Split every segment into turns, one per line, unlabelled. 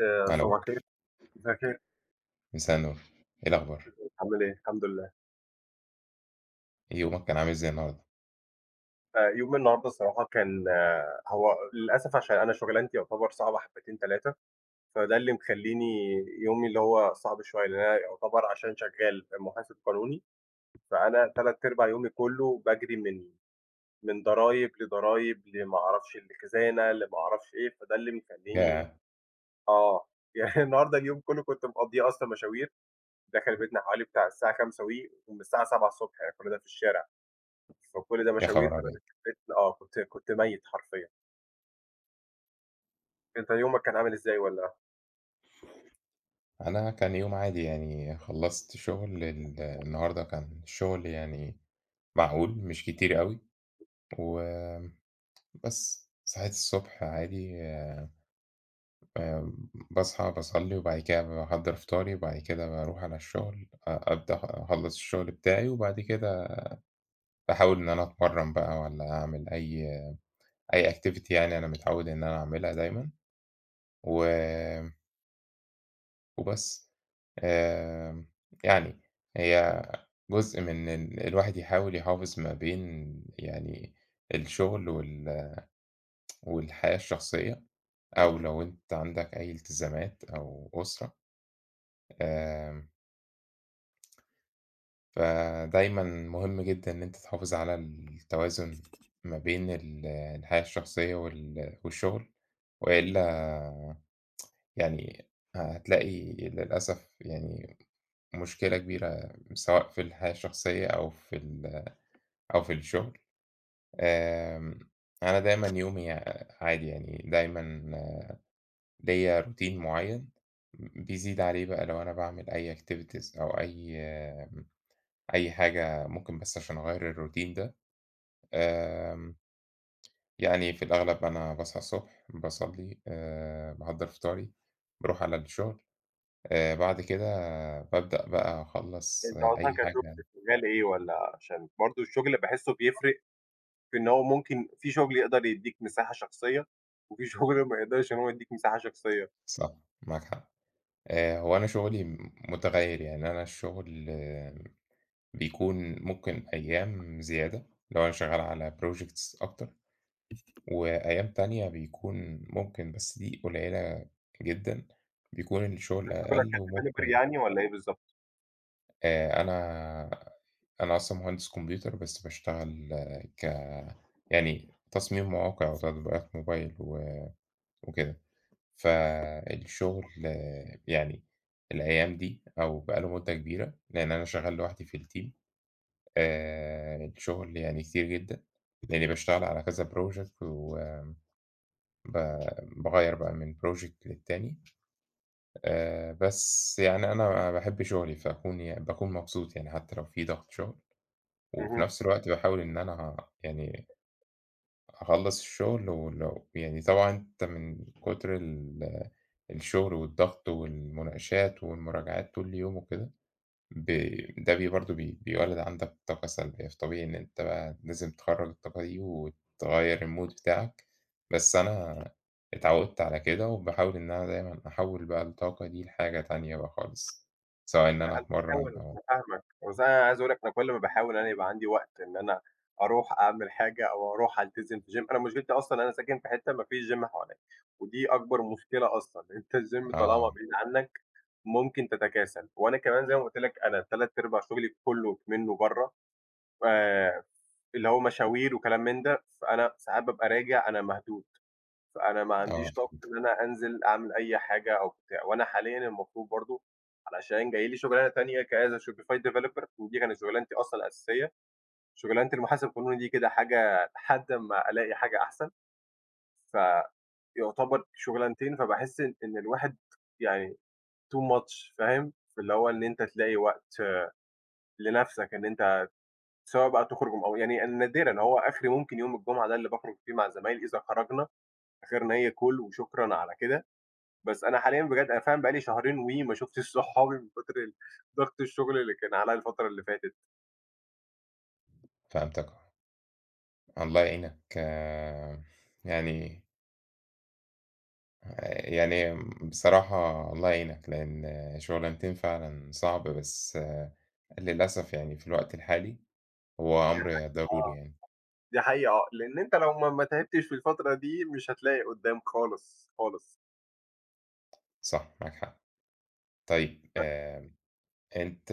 آآ
ألو.
صباح الخير. مساء الخير.
مساء النور، إيه الأخبار؟
تمام. عامل إيه؟ الحمدلله.
يومك كان عامل إزاي النهارده؟
آآ يومي النهارده الصراحة كان هو للأسف عشان أنا شُغلانتي يُعتبر صعبة حبّتين تلاتة، فده اللي مخلّيني يومي اللي هو صعب شوية، لإن أنا يُعتبر عشان شغَال آآ مُحاسب قانوني، فأنا 3/4 يومي كلّه باجري من من ضرايب لضرايب لما أعرفش لخزانة لما أعرفش إيه فده اللي بيخلّيني
ياه!
آه، يعني النهارده اليوم كلّه كنت مقضّيه أصلًا مشاوير، داخل بيتنا حوالي بتاع الساعة 17:00 وِ ومن الساعة 7:00 ص يعني كل ده في الشارع. فكل ده
يا
مشاوير
خبر
فأنا
أبيض!
داخل بيتنا آه، كنت كنت مَيّت حرفيًا. أنت يومك كان عامل إزاي والّا؟
أنا كان يوم عادي يعني خلّصت شُغل ال النهارده كان الشُغل يعني معقول مش كتير أوي، و بس صحيت الصبح عادي آمم باصحى باصلّي وبعد كده باحضّر فطاري وبعد كده باروح على الشُغل، أ أبدأ أخلّص الشُغل بتاعي وبعد كده باحاول إن أنا أتمرّن بقى والّا أعمل أي أي activity يعني أنا متعوّد إن أنا أعملها دايمًا و وبس، آآ يعني هي جزء من إن الواحد يحاول يحافظ ما بين يعني الشغل وال والحياة الشخصية، أو لو أنت عندك أي التزامات أو أسرة. آآ فدايمًا مهم جدًا إن أنت تحافظ على التوازن ما بين ال الحياة الشخصية وال والشغل، وإلا يعني هتلاقي للأسف يعني مشكلة كبيرة سواء في الحياة الشخصية أو في ال أو في الشغل. آآ، أنا دايمًا يومي عادي يعني دايمًا ليّا روتين مُعين، بيزيد عليه بقى لو أنا باعمل أي activities أو أي أي حاجة ممكن بس عشان أغيّر الروتين ده، آمم يعني في الأغلب أنا باصحى الصبح، باصلّي، آآ باحضّر فطاري، باروح على الشغل، آآ، بعد كده بابدأ بقى أخلّص
أنت أصلًا
أي
كشغل
حاجة.
شغال إيه والَّا عشان برضه الشغل باحسه بيفرق، في إن هو ممكن في شغل يقدر يدّيك مساحة شخصية، وفي شغل ما يقدرش إن هو يدّيك مساحة شخصية.
صح معاك حق، آآ هو أنا شغلي م متغير يعني أنا الشغل آآ بيكون ممكن أيام زيادة، لو أنا شغال على projects أكتر، وأيام تانية بيكون ممكن بس دي قليلة جدًا، بيكون الشغل
أنت شغلك
أقل
كdeveloper
وممكن
يعني والَّا إيه بالضبط؟
آآ أنا أنا أصلًا مهندس كمبيوتر بس باشتغل ك يعني تصميم مواقع وتطبيقات موبايل و وكده. فالشُغل يعني الأيام دي أو بقى له مدة كبيرة لإن أنا شغّال لوحدي في الteam، آآ الشُغل يعني كتير جدًا لإنّي باشتغل على كذا project وم ب باغيّر بقى من project للتاني، آآ بس يعني أنا أنا باحب شُغلي فاكون يعني باكون مبسوط يعني حتّى لو في ضَغْط شُغل وفي
اهم.
نَفْس الوقت باحاول إن أنا يعني أخلّص الشُغل ولو يعني طبعًا أنت من كُتر ال الشُغل والضغط والمناقشات والمراجعات طول يوم وكده، ب ده بي برضه بي بيولّد عندك بطاقة سلبية، فطبيعي إن أنت بقى لازم تخرّج الطاقة دي وتغيّر المود بتاعك، بس أنا اتعوِّدت على كده وباحاول إن أنا دايمًا أحوّل بقى الطاقة دي لحاجة تانية بقى خالص سواء إن أنا
لا، أنا
أتمرَّن
فاهمك،
أو
أنا فاهمك، بس أنا عايز أقول لك أنا كل ما باحاول أنا يبقى عندي وقت إن أنا أروح أعمل حاجة أو أروح ألتزم في gym، أنا مشكلتي أصلًا أنا ساكن في حتّة ما فيش gym حواليّا ودي أكبر مشكلة أصلًا، أنت الgym طالما
آه.
بعيد عنّك ممكن تتكاسل وأنا كمان زي ما قُلت لك أنا تلات أرباع شُغلي كُلّه منّه برّه ف اللي هو مشاوير وكلام من ده، فأنا ساعات بابقى راجع أنا مهدود، فأنا ما
آه
عنديش طاقة
فهمتك.
إن أنا أنزل أعمل أي حاجة أوبتاع، وأنا حاليّا المفروض برضه علشان جاي لي شُغلانة تانية كas a shopify developer ودي كانت شُغلانتي أصلًا الأساسية، شُغلانة المحاسب القانوني دي كده حاجة لحد ما ألاقي حاجة أحسن. فيعتبر شُغلانتين، فباحس إن الواحد يعني too much فاهم، في اللي هو إن أنت تلاقي وقت لنَفْسك إن أنت سواء بقى تخرُج أو يعني نادرًا هو آخري ممكن يوم الجمعة ده اللي باخرُج فيه مع زمايلي إذا خرجنا آخِرنا هي call وشكرًا على كده، بس أنا حاليًا بجد أنا فعلًا بقى لي شهرين وِ ما شُفتش صحابي من كُتر ضَغْط الشُغل اللي كان عليّا الفترة اللي فاتت.
فهمتَك آه. الله يعينك يعني آآ يعني بصراحة الله يعينك، لإن شُغلانتين فعلًا صعب، بس للأسف يعني في الوقت الحالي هو
دي
أمْر
حق
ضروري
آه،
يعني.
دي حقيقة آه، لإن أنت لو ما ما تعبتش في الفترة دي مش هتلاقي قُدّام خالص، خالص.
صح، معاك حق، طيب
ب
آمم أنت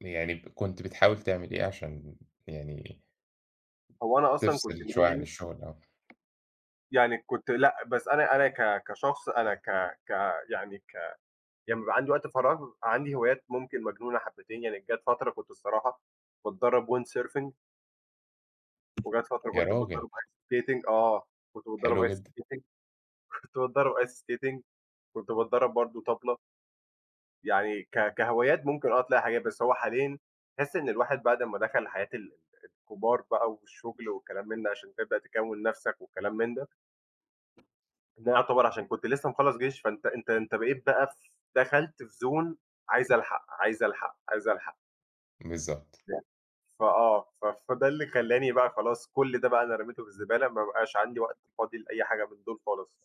يعني كنت بتحاول تعمل إيه علشان يعني
هو أنا أصلًا كنت
تفصل شويّة عن
[unintelligible]
الشُغل؟ آه.
يعني كنت لأ، بس أنا أنا ك كشخص أنا ك ك يعني ك لمّا بيبقى وقت فراغ عندي هوايات ممكن مجنونة حبّتين، يعني جات فترة كنت الصراحة باتدرَّب windsurfing. وجات فترة
يا
كنت
راجل!
باتدرَّب ice skating آه، كنت باتدرَّب
حلو
ice
جدًا.
skating، كنت باتدرّب ice skating، كنت بادرّب برضه طَبْلة. يعني ك كهوايات ممكن آه تلاقي حاجات، بس هو حاليًا تحس إن الواحد بعد ما دخل حياة ال الكبار بقى والشُغل وكلام من ده علشان تبدأ تكوِّن نَفْسك والكلام من ده. إن أنا يُعتبر عشان كنت لسّه مخلّص جيش، فأنت أنت أنت بقيت بقى ف دخلت في Zone عايز ألحق، عايز ألحق، عايز ألحق.
بالضبط.
[unintelligible] فآه، ف فده اللي خلّاني بقى خلاص كل ده بقى أنا رميته في الزبالة ما بقاش عندي وقت فاضي لأي حاجة من دُول خالص.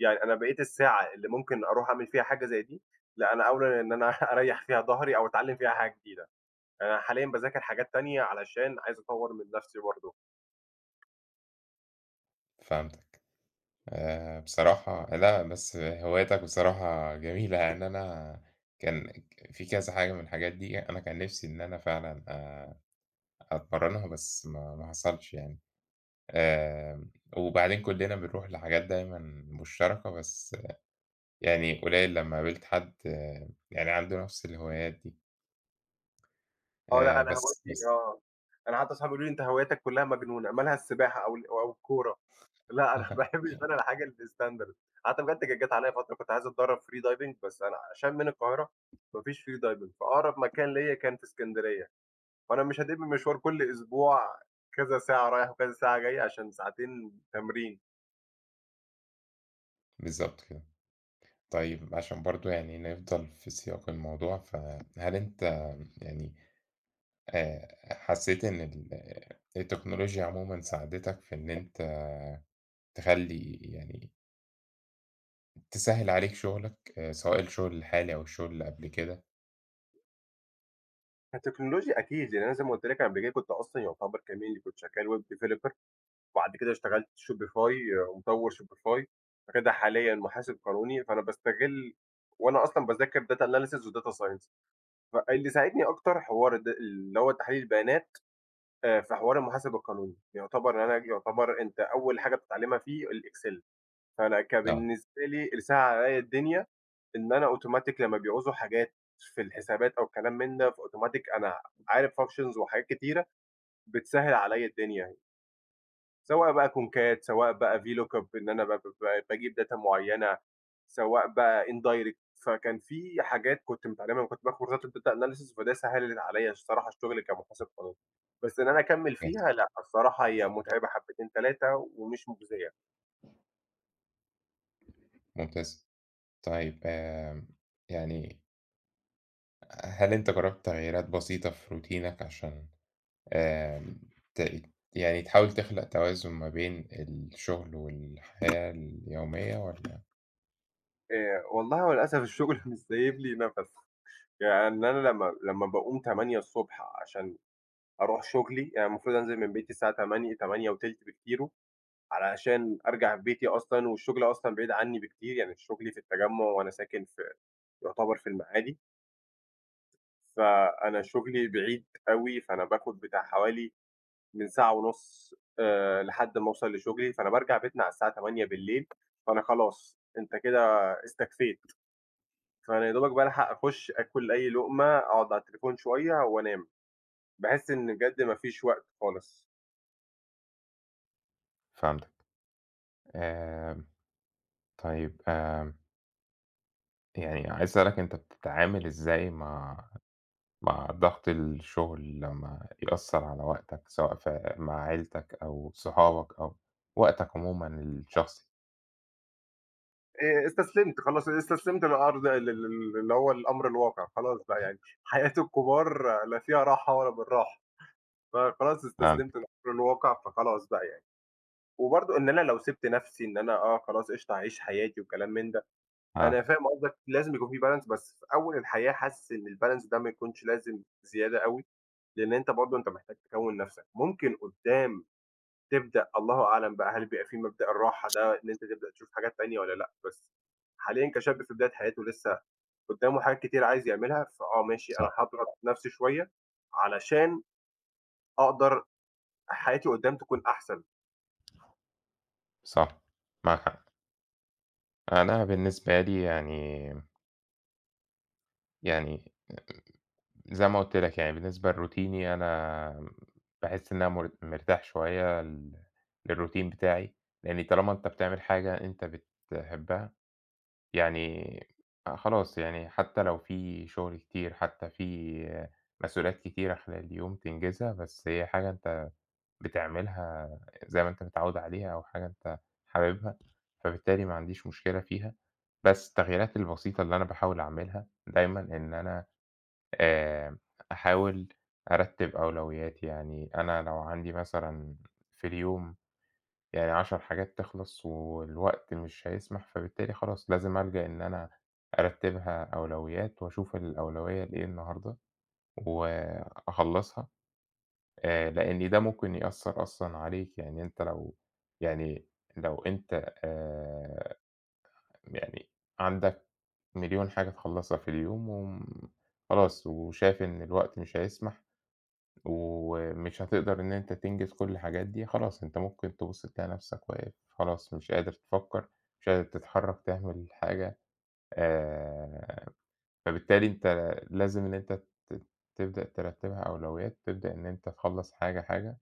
يعني أنا بقيت الساعة اللي ممكن أروح أعمل فيها حاجة زي دي لأ، أنا أولى إن أنا أريّح فيها ضهري أو أتعلِّم فيها حاجة جديدة. أنا حاليا باذاكر حاجات تانية علشان عايز أطوّر من نَفْسي برضه.
فهمتك. آآ بصراحة لأ، بس هواياتك بصراحة جميلة، يعني أنا كان ك في كذا حاجة من الحاجات دي أنا كان نَفْسي إن أنا فعلًا آآ أتمرَّنها، بس ما ما حصلش يعني. آمم وبعدين كُلّنا بنروح لحاجات دايمًا مشتركة، بس يعني قليّل لمّا قابلت حد يعني عنده نَفْس الهوايات دي.
آه، لأ،
آآ
أنا
بس،
هوايتي
بس.
آه، أنا حتّى صجابي بيقولوا لي: "أنت هواياتك كُلّها مجنونة مالها السباحة أو ال أو الكورة؟" لأ أنا باحب [unintelligible] الحاجة الstandard. حتّى بجد عليّا فترة كنت عايز أتدرَّب free diving، بس أنا عشان من القاهرة ما فيش free diving، فأقرب مكان ليّا كان في إسكندرية، وأنا مش هادِب مشوار كل أسبوع كذا ساعة رايح وكذا ساعة جاي عشان ساعتين تمرين.
بالضبط كده. طيّب عشان برضه يعني نفضل في سياق الموضوع، فهل أنت يعني آآ حسّيت إن ال التكنولوجيا عمومًا ساعدتك في إن أنت تخلّي يعني تسهّل عليك شُغلك سواء الشُغل الحالي أو الشُغل اللي قبل كده؟
التكنولوجيا أكيد، يعني أنا زي ما قُلت لك قبل كُنت أصلًا يعتبر كمان اللي كنت شغّال web developer، وبعد كده اشتغلت Shopify ومطوّر Shopify، بعد كده حاليًا محاسب قانوني، فأنا باستغِل وأنا أصلًا باذاكر data analysis وdata science، ف اللي ساعدني أكتر حوار د اللي هو تحليل البيانات آآ في حوار المحاسب القانوني، يعتبر أنا ج يعتبر أنت أول حاجة بتتعلِّمها فيه الإكسيل، فأنا
آه.
كبالنسبة لي اللي سهّل عليّا الدنيا، إن أنا أوتوماتيك لمّا بيعوزوا حاجات في الحسابات أو الكلام من ده فأوتوماتيك أنا عارف functions وحاجات كتيرة، بتسهّل عليّا الدنيا. سواء بقى كونكات سواء بقى VLOOKUP إن أنا ب ب باجيب data معيّنة، سواء بقى indirect فكان في حاجات كُنت متعلِّمها لمّا كُنت باخد كورسات الdata analysis، فده سهّلت عليّا الصراحة الشُغل كمحاسب قانوني، بس إن أنا أكمِّل فيها لأ، الصراحة هي
[unintelligible]
مُتعبة حبّتين، تلاتة ومش مُجزية.
ممتاز. طيب آمم يعني ه هل أنت جرَّبت تغييرات بسيطة في روتينك عشان آمم ت يعني تحاول تخلق توازن ما بين الشُغل والحياة اليومية والّا؟
آآ والله هو للأسف الشُغل مش سايب لي نَفَس، يعني أنا لمّا لمّا باقوم 08:00 ص عشان أروح شُغلي، يعني المفروض أنزل من بيتي الساعة 08:00، 08:20 بكتيرُه علشان أرجع بيتي أصلًا والشُغل أصلًا بعيد عنّي بكتير، يعني شُغلي في التجمُّع وأنا ساكن في يعتبر في المعادي. فأنا شُغلي بعيد أوي، فأنا باخُد بتاع حوالي من ساعة ونُص آآ لحد أمّا أوصَل لشُغلي، فأنا بارجع بيتنا على الساعة 20:00، فأنا خلاص، أنت كده استكفيت. فأنا يدوبك بالحق أخُش آكُل أي لُقمة، أقعُد على التليفون شوية وأنام. باحس إن بجد ما فيش وقت خالص.
فهمتك. آمم، طيب، آمم يعني عايز أسألك أنت بتتعامل إزاي مع مع ضَغْط الشُغل لمّا يأثّر على وقتك سواء في مع عيلتك أو صحابك أو وقتك عمومًا الشخصي؟
آآ، استسلمت، خلاص استسلمت للأرض ال ال ال اللي هو الأمر الواقع خلاص بقى يعني حياة الكُبار لا فيها راحة ولا بالراحة، فخلاص استسلمت
[unintelligible]
للأمر الواقع، فخلاص بقى يعني. وبرضه إن أنا لو سِبت نَفْسي إن أنا آه خلاص قِشطة أعيش حياتي وكلام من ده، أنا
آه.
فاهم قصدك لازم يكون في balance، بس في أول الحياة حاسس إن الbalance ده ما يكونش لازم زيادة أوي، لإن أنت برضه أنت محتاج تكوِّن نَفْسك، ممكن قُدّام تبدأ الله أعلم بقى، هل بيبقى في مبدأ الراحة ده إن أنت تبدأ تشوف حاجات تانية والّا لأ، بس حاليًا كشاب في بداية حياته لسّه قُدّامه حاجات كتير عايز يعملها، فآه ماشي، أنا
صح.
هاضغط نَفْسي شوية علشان أقدر حياتي قُدّام تكون أحسن.
صح، معاك حق. أنا بالنسبة لي يعني يعني زي ما قُلت لك يعني بالنسبة لروتيني أنا باحس إن أنا مر مرتاح شوية ال للروتين بتاعي، يعني طالما أنت بتعمل حاجة أنت بتحبّها يعني آآ خلاص، يعني حتّى لو في شُغل كتير، حتّى في مسؤوليات كتيرة خلال اليوم تنجزها، بس هي حاجة أنت بتعملها زي ما أنت متعوِّد عليها أو حاجة أنت حاببها، فبالتالي ما عنديش مشكلة فيها، بس التغييرات البسيطة اللي أنا باحاول أعملها دايمًا إن أنا آآ أحاول أرتّب أولويّاتي، يعني أنا لو عندي مثلًا في اليوم يعني 10 حاجات تخلص والوقت مش هيسمح، فبالتالي خلاص لازم ألجأ إن أنا أرتّبها أولويّات وأشوف الأولويّة إيه النهارده وأخلَّصها، آآ لإن ده ممكن يأثّر أصلًا عليك، يعني أنت لو يعني لو أنت آآ يعني عندك مليون حاجة تخلَّصها في اليوم وم خلاص وشايف إن الوقت مش هيسمح، ومش هتقدر إن أنت تنجز كل الحاجات دي، خلاص أنت ممكن تبُص تلاقي نَفْسك واقف خلاص مش قادر تفكّر، مش قادر تتحرّك تعمل حاجة. آآ، فبالتالي أنت لازم إن أنت ت تبدأ ترتّبها أولويّات، تبدأ إن أنت تخلّص حاجة، حاجة،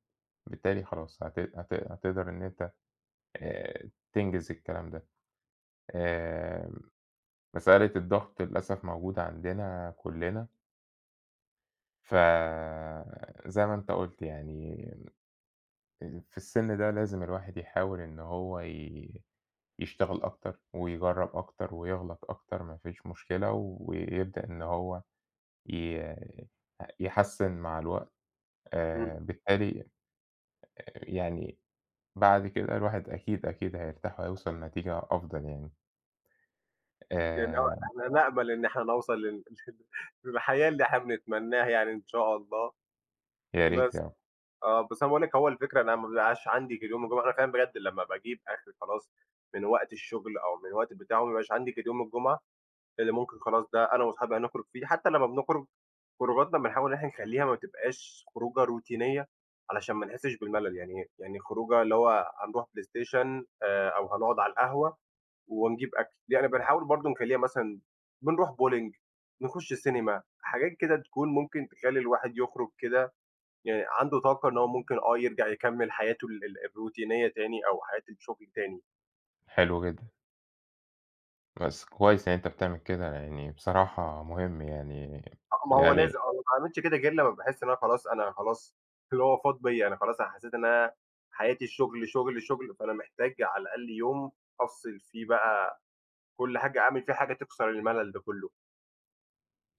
بالتالي خلاص هت هت هتقدر إن أنت آآ، تنجز الكلام ده. آمم، مسألة الضغط للأسف موجودة عندنا كُلّنا. ف زي ما أنت قُلت يعني آآ في السِن ده لازم الواحد يحاول إنه هو ي يشتغل أكتر ويجرّب أكتر ويغلط أكتر ما فيش مشكلة ويبدأ إن هو ي يحسِّن مع الوقت،
إمم.
آآ بالتالي آآ يعني بعد كده الواحد أكيد، أكيد هيرتاح وهيوصل لنتيجة أفضل يعني.
يعني هو
آآ
إحنا نأمَل إن إحنا نوصل لل للحياة اللي إحنا بنتمنّاها يعني إن شاء الله،
يا ريت
بس
آه.
آه، بس أنا باقول لك هو الفكرة إن أنا ما بيبقاش عندي غير يوم الجمعة، أنا فعلًا بجد لمّا باجيب آخري خلاص من وقت الشُغل أو من الوقت بتاعه ما بيبقاش عندي غير يوم الجمعة اللي ممكن خلاص ده أنا وأصحابي هنخرُج فيه حتّى لمّا بنخرُج خروجاتنا بنحاول إن إحنا نخلّيها ما تبقاش خروجة روتينية علشان ما نحسّش بالملل، يعني يعني خروجة اللي هو هنروح بلايستيشن آآ أو هنقُعد على القهوة ونجيب أكل. يعني بنحاول برضه نخلّيها مثلًا بنروح bolling نخُش سينما، حاجات كده تكون ممكن تخلّي الواحد يخرُج كده يعني عنده طاقة إن هو ممكن آه يرجع يكمِّل حياته ال الروتينية تاني أو حياة الشُغل تاني.
حلو جدًا. بس كويس إن أنت بتعمل كده، يعني بصراحة مهم يعني
آه ما هو لازم
يعني
أو ما باعملش كده غير لمّا باحس إن أنا خلاص أنا خلاص اللي هو فاض بيّا، أنا خلاص أنا حسّيت إن أنا حياتي الشُغل، شُغل، شُغل، فأنا محتاج على الأقل يوم أفصِل فيه بقى كل حاجة، أعمل فيه حاجة تكسر المَلَل ده كُلّه.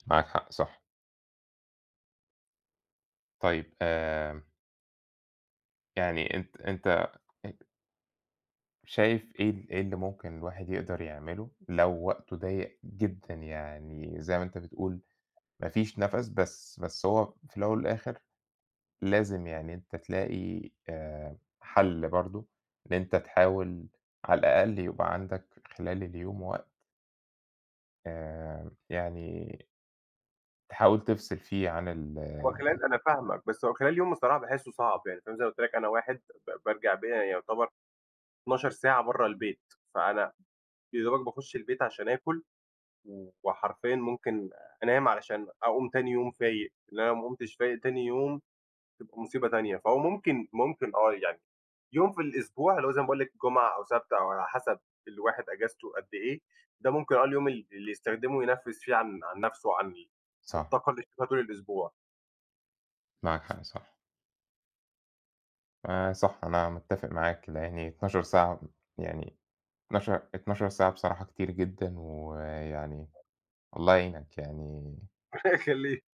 معاك حق، صح. طيب آمم يعني أنت أنت أ شايف إيه ال إيه اللي ممكن الواحد يقدر يعمله لو وقته ضيّق جدًا يعني زي ما أنت بتقول ما فيش نَفَس، بس بس هو في الأول والآخِر لازم يعني أنت تلاقي آآ حَل برضه إن أنت تحاول على الأقل يبقى عندك خلال اليوم وقت آآ يعني تحاول تفصِل فيه عن ال
هو خلال أنا فاهمك، بس هو خلال يوم الصراحة باحسّه صعب، يعني فاهم زي ما قُلت لك أنا واحد ب بارجع ب يعتبر 12 ساعة برّه البيت، فأنا يادوبك باخُش البيت عشان آكُل وحرفيًا ممكن أنام علشان أقوم تاني يوم فايق، لإن أنا لو ما قُمتش فايق تاني يوم، تبقى مصيبة تانية، فهو ممكن ممكن آه، يعني يوم في الأسبوع اللي هو زي ما باقول لك جمعة أو سَبْت أو على حَسَب الواحد إجازته قد إيه، ده ممكن آه اليوم ال اللي يستخدمه ينَفِّس فيه عن عن نَفْسه وعن ال
صح.
الطاقة اللي [unintelligible] الأسبوع.
معاك حق صح. آآ صح، أنا متّفق معاك، لإن 12 ساعة يعني 12- 12 ساعة بصراحة كتير جدًا ويعني الله يعينك يعني
الله يخلّيك،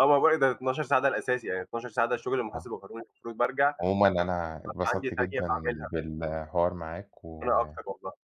آه والله ده 12 ساعة ده الأساسي، يعني 12 ساعة ده الشُغل
آه.
المحاسب القانوني فدلوقتي بارجع
عمومًا أنا
[unintelligible] عندي
اتبسطت
تانية
جدًا
باعملها.
بالحوار معاك و
أنا أكتر والله.